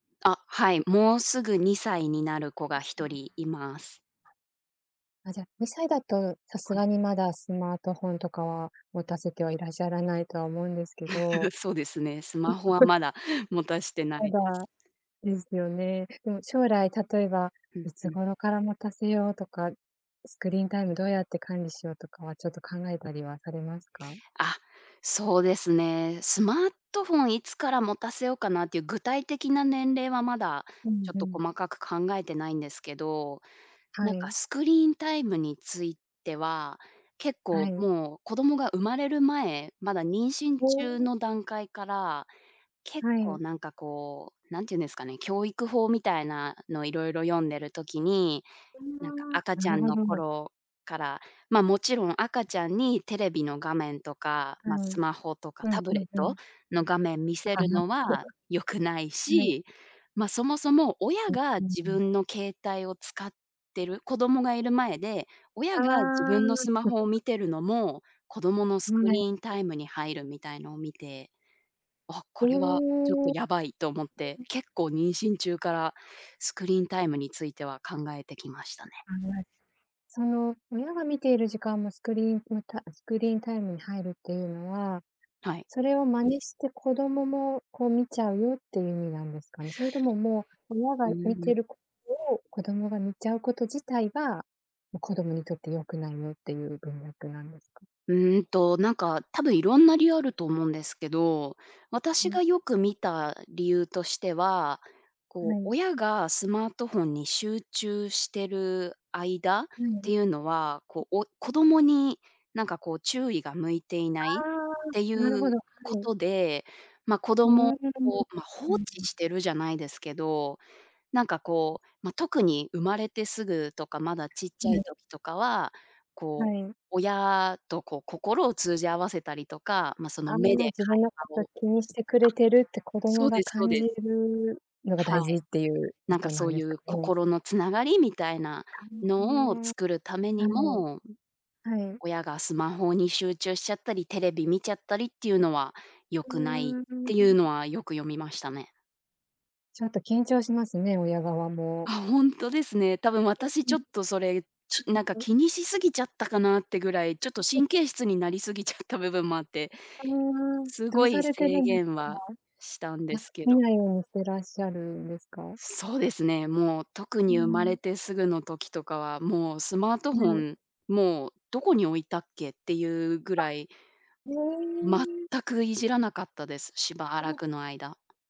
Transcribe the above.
あ、はい、もうすぐ2歳になる子がう、そひうとなんりい ます。あ、じゃ、2歳だとさすはい。がにまだスマートフォンとかは、持たせてはいらっしゃらないとは思うんですけど。そうですね。スマホはまだ持たして なまいでだ、すね。ですよね。でも将来例えば、うんいうつん。頃から持たせようとか、スクリーンタイムどうやって管理しようとかは、ちょっと考えたりはされますか？あ、そうですね。スマートフォンいつから持たせようかなっていう、具体的な年齢はまだ、うちんょっうとん。細かく考えてないんですけど。はなんかい。スクリーンタイムについては、結構はい。もう子供が生まれる前、まだ妊娠お中お。の段階から、結は構い。なんかこう、何て言うんですかね、教育法みたいなのいろいろ読んでる時に、うん、なんかわ、赤なちゃるんほのど。頃から、ま、もちろん赤ちゃんにテレビの画面とか、うま、ん。スマホとかうん、タふブレん、ッうトん。の画面見たせかるなのは良くない はい。し。ま、そもそも、親う、がうん自うん。分の携帯を使ってる、子供がいる前で、親が自ああ、分のスマホを 見てるのも、子供のスうん。クリね。ーンタイムに入るみたいのを見て、あ、おこれはちょっとお。やばいと思って、結構妊娠中からスクリーンタイムについては考えてきましたね。案外、その、親が見ている時間もスクリーンう、たスクリーンタイムに入るっていうのは、はい。それを真似して子どももこう見ちゃうよっていう意味なんですかね？それとももう親ううが見うてん。るこを子どもが見ちゃうこと自体が、もう子どもにとって良くないよっていう文脈なんでか？うんと、なんか、多分色んな理由あると思うんですけど、は私がに。よく見た理由としては、こなう、い。親がスマートフォンに集中してる間っかいてる。いうのは、こ う、お子供に、なんかこう注意が向いていあないっあ、ていなるほうど、はこい。とで、まあ、子う供ーん。をま、放うんう置ん。してるじゃないですけど。なんかうん。こう、まあ、特に生まれてすぐとか、まだちっはちゃいい。時とかは、はこう、い。親とこう心を通じ合わせたりとか、まあ、その、あん目でな会自分のこ話とをあ、気にしてくれてるって子供そうでがす、そう感でじるのが、はい。大事っていう意なん図かなそんうでいかうね。心の繋がりみたいなたのをんへえ。作るためにはも、うん、い。はい。親がスマホに集中しちゃったり、テレビ見ちゃったりっていうのは、良うくないっーていうん。のは、よく読みましたね。ちょっと緊張しますね。親側も。あ、ほんとですね。多分私いえ、うちょん。っとそれ、ちなんかたんお。気にしすぎちゃったかなってぐらい、ちょっと 神経質になりすぎちゃった部分もあって。うーん、すどごうさいれてる制んで限か？はしたんであ、すけ見ど。ないようにてらっしゃるんですか？そうですね。もう特うに生まれん。てすぐの時とかは、もうスマートはフォい。ン、もうどこに置いたっけっていうぐあ、らい。へ全え。くいじらなかったです。しばうらん。くの間。